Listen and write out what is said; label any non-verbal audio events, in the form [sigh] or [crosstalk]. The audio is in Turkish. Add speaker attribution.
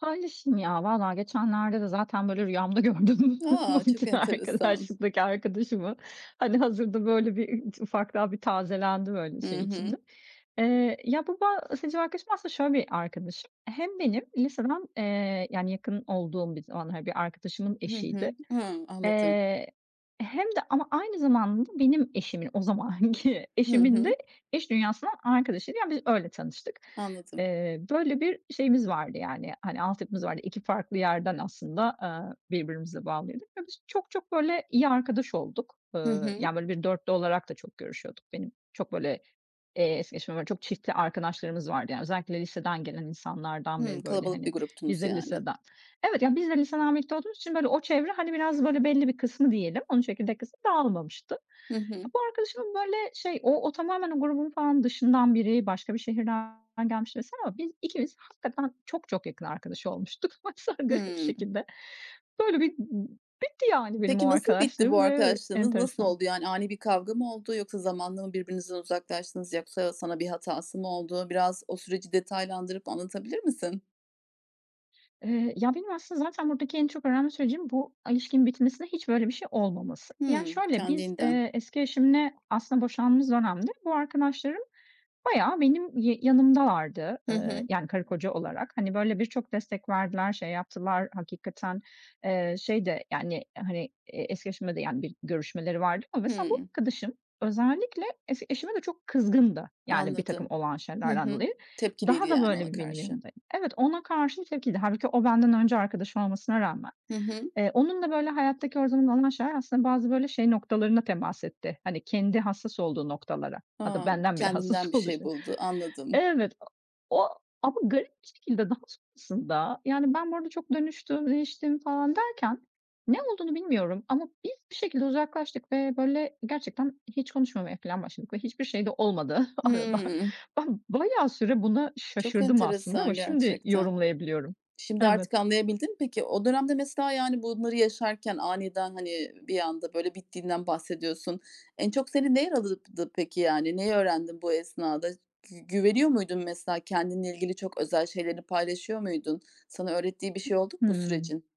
Speaker 1: Paylaşayım ya vallahi geçenlerde de zaten böyle rüyamda gördüm bu
Speaker 2: A! Çok
Speaker 1: biten
Speaker 2: enteresan.
Speaker 1: arkadaşlıktaki arkadaşımı. Hani, hazırda böyle bir, eee, ufak daha bir tazelendi böyle
Speaker 2: Hı
Speaker 1: şey içinde.
Speaker 2: hı.
Speaker 1: Eee, ya bu bahsedeceğim arkadaşım aslında şöyle bir arkadaşım, hem benim liseden, eee, yani, yakın olduğum bir zamanlar, bir arkadaşımın
Speaker 2: Hı
Speaker 1: eşiydi,
Speaker 2: hı. Hı. Anladım.
Speaker 1: eee, hem de ama aynı zamanda benim eşimin, o zamanki
Speaker 2: Hı
Speaker 1: eşimin de
Speaker 2: hı.
Speaker 1: iş dünyasından arkadaşıydı, yani, biz öyle tanıştık.
Speaker 2: Anladım.
Speaker 1: Eee, böyle bir şeyimiz vardı, yani, hani, altyapımız vardı, 2 farklı yerden aslında, eee, birbirimize bağlıydık ve biz çok çok böyle iyi arkadaş olduk,
Speaker 2: Hı
Speaker 1: eee,
Speaker 2: hı.
Speaker 1: yani, böyle bir 4'lü olarak da çok görüşüyorduk benim. Çok böyle es geçemem, böyle çok çiftli arkadaşlarımız vardı, yani, özellikle liseden gelen insanlardan
Speaker 2: Hımm.
Speaker 1: beri böyle,
Speaker 2: Kalabalık bir
Speaker 1: hani, biz
Speaker 2: gruptunuz
Speaker 1: de
Speaker 2: yani.
Speaker 1: liseden, evet ya biz de liseden birlikte olduğumuz için böyle o çevre, hani, biraz böyle belli bir kısmı diyelim, onun çekirdek kısmı dağılmamıştı.
Speaker 2: Hı hı.
Speaker 1: Bu arkadaşımın böyle şey o o tamamen o grubun falan dışından biri, başka bir şehirden gelmiş mesela ama biz ikimiz hakikaten çok çok yakın arkadaş olmuştuk. Bak sen garip bir
Speaker 2: Hımm.
Speaker 1: şekilde. Böyle bir bitti, yani, benim o
Speaker 2: Peki nasıl bitti bu
Speaker 1: arkadaşlığım ve
Speaker 2: arkadaşlığınız? Nasıl
Speaker 1: enteresan.
Speaker 2: oldu, yani, ani bir kavga mı oldu yoksa zamanla mı birbirinizden uzaklaştınız? Yoksa sana bir hatası mı oldu? Biraz o süreci detaylandırıp anlatabilir misin?
Speaker 1: Eee, ya benim aslında zaten buradaki en çok öğrenme sürecim bu ilişkinin bitmesinde hiç böyle bir şey olmaması. Yani,
Speaker 2: Hımm,
Speaker 1: şöyle, biz,
Speaker 2: kendiliğinden.
Speaker 1: eee, eski eşimle aslında boşandığımız dönemde bu arkadaşlarım bayağı benim y yanımdalardı.
Speaker 2: Hı
Speaker 1: Eee,
Speaker 2: hı.
Speaker 1: yani, karı koca olarak. Hani, böyle birçok destek verdiler, şey yaptılar hakikaten, eee, şey de, yani, hani, eski eşime de, yani, bir görüşmeleri vardı ama mesela bu
Speaker 2: Hımm.
Speaker 1: arkadaşım özellikle eski eşime de çok kızgındı, yani, birtakım
Speaker 2: Anladım.
Speaker 1: olan
Speaker 2: Hı
Speaker 1: şeylerden
Speaker 2: hı.
Speaker 1: dolayı.
Speaker 2: Tepkiliydi,
Speaker 1: Daha da
Speaker 2: yani, ona
Speaker 1: böyle benim
Speaker 2: karşı.
Speaker 1: yanımdaydı. Evet ona karşı tepkiliydi. Hâlbuki o benden önce arkadaşı olmasına rağmen.
Speaker 2: Hı hı.
Speaker 1: Eee, onunla böyle hayattaki her zaman olan şeyler aslında bazı böyle şey noktalarına temas etti. Hani, kendi hassas olduğu noktalara. Hatta
Speaker 2: A.
Speaker 1: benden bile
Speaker 2: Kendinden
Speaker 1: hassas
Speaker 2: bir şey
Speaker 1: oluşu...
Speaker 2: buldu, anladım.
Speaker 1: Evet o o ama garip bir şekilde daha sonrasında, yani, ben bu arada çok dönüştüm, değiştim falan derken ne olduğunu bilmiyorum ama biz bir şekilde uzaklaştık ve böyle gerçekten hiç konuşmamaya filan başladık ve hiçbir şey de olmadı [chuckles] arada.
Speaker 2: Hımm.
Speaker 1: Ben bayağı süre buna
Speaker 2: Çok
Speaker 1: şaşırdım aslında ama
Speaker 2: enteresan
Speaker 1: şimdi
Speaker 2: gerçekten.
Speaker 1: yorumlayabiliyorum.
Speaker 2: Şimdi artık
Speaker 1: Evet.
Speaker 2: anlayabildin mi peki? O dönemde mesela, yani, bunları yaşarken aniden hani bir anda böyle bittiğinden bahsediyorsun. En çok seni ne yaraladı peki yani? Neyi öğrendin bu esnada? Gü güveniyor muydun mesela kendinle ilgili çok özel şeylerini paylaşıyor muydun? Sana öğrettiği bir şey oldu mu bu
Speaker 1: Hımm.
Speaker 2: sürecin?